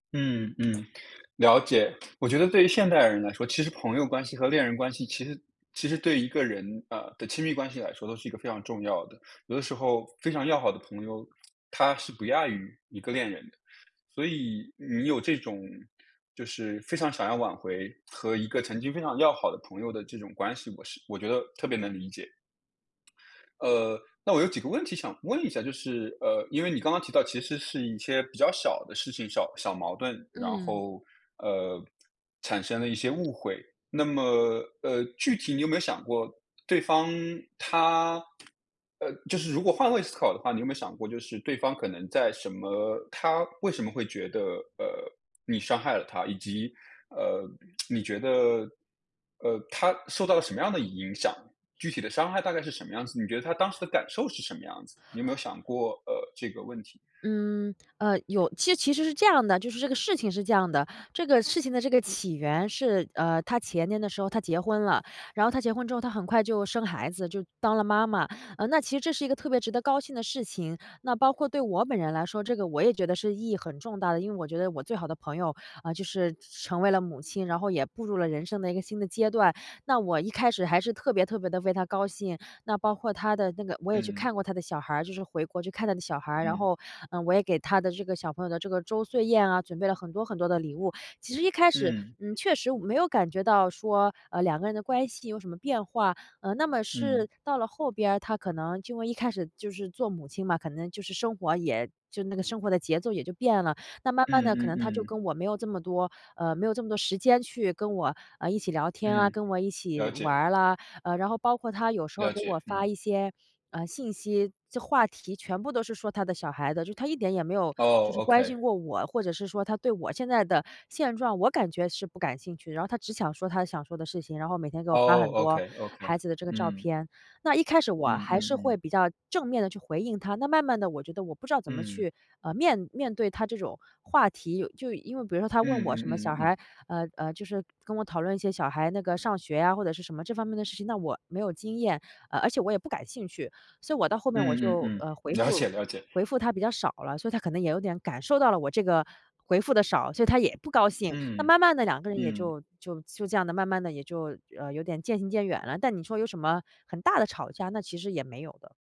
嗯，嗯，了解。我觉得对于现代人来说，其实朋友关系和恋人关系其实其实对一个人呃，的亲密关系来说都是一个非常重要的。有的时候非常要好的朋友，她是不亚于一个恋人的。所以你有这种就是非常想要挽回和一个曾经非常要好的朋友的这种关系，我是我觉得特别能理解。呃，那我有几个问题想问一下，就是呃，因为你刚刚提到其实是一些比较小的事情，小小矛盾，然嗯。后呃，产生了一些误会，那么呃，具体你有没有想过对方，她呃，就是如果换位思考的话，你有没有想过，就是对方可能在什么她为什么会觉得呃，你伤害了她？以及呃，你觉得呃，她受到的什么样的影响？具体的伤害大概是什么样子？你觉得她当时的感受是什么样子？你有没有想过，呃，这个问题？嗯，呃有，其其实是这样的，就是这个事情是这样的，这个事情的这个起源是呃，她前年的时候她结婚了，然后她结婚之后，她很快就生孩子，就当了妈妈。呃，那其实这是一个特别值得高兴的事情，那包括对我本人来说，这个我也觉得是意义很重大的，因为我觉得我最好的朋友呃，就是成成为了母亲，然后也步入了人生的一个新的阶段。那我一开始还是特别特别地为她高兴，那包括她的那个我也去嗯。看过她的小孩儿，就是回国去看她的小孩儿，然嗯。后呃，我也给她的这个小朋友的这个周岁宴啊，准备了很多很多的礼物。其实一开始，嗯。嗯，确实我没有感觉到说呃，两个人的关系有什么变化，呃，那么是嗯。到了后边儿，她可能就一开始就是做母亲嘛，可能就是生活也就那个生活的节奏也就变了。那慢慢嗯，地，可嗯，能她就嗯。跟我没有这么多呃，没有这么多时间去跟我呃，一起聊天啊、嗯，跟我一起了玩解。儿了，呃，然后包括她有时候了给解，我发嗯。一些呃，信息，这话题全部都是说她的小孩子，就她一点也没有就哦是关心，Okay。过我，或者是说她对我现在的现状，我感觉是不感兴趣。然后她只想说她想说的事情，然后每天给我发很哦多，Okay Okay，孩子的这个照嗯。片。那一开始，我嗯，还嗯，是会嗯。比较正面地去回应她，那慢慢地，我觉得我不知道怎么嗯。去呃，面面对她这种话题。有就因为比如说她问嗯，我嗯，什么嗯，嗯，小嗯。孩，呃，呃，就是跟我讨论一些小孩那个上学呀，或者是什么这方面的事情，那我没有经验，呃，而且我也不感兴趣。所以我到后面我嗯，嗯，就嗯，呃，回了解，复了解。回复她比较少了。所以她可能也有点感受到了我这个回复得少，所以她也不高兴。那嗯，慢慢地，两个人也嗯。就就就这样的慢慢地也就呃，有点渐行渐远了。但你说有什么很大的吵架，那其实也没有的。